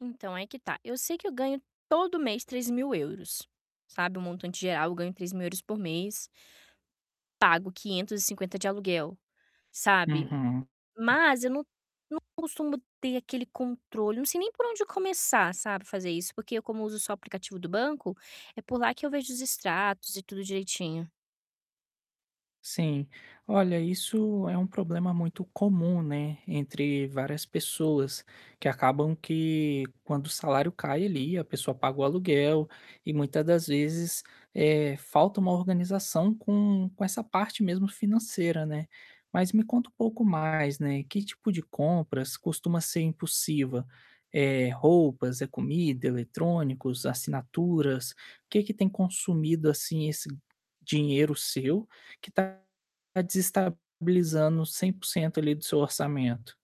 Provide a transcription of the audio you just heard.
Então, aí que tá, eu sei que eu ganho todo mês €3.000, sabe, o montante geral eu ganho €3.000 por mês pago 550 de aluguel, sabe? Uhum. Mas eu não não costumo ter aquele controle, não sei nem por onde começar, sabe, fazer isso, porque como uso só aplicativo do banco, é por lá que eu vejo os extratos e tudo direitinho. Sim, olha isso é um problema muito comum, né, entre várias pessoas, que acabam que quando o salário cai ali a pessoa paga o aluguel e, muita das vezes, eh, falta uma organização com com essa parte mesmo financeira, né. Mas me conta um pouco mais, né, que tipo de compras costuma ser impulsiva, eh, roupas, é comida, eletrônicos, assinaturas? O que que tem consumido assim esse dinheiro seu, que está desestabilizando 100% ali do seu orçamento?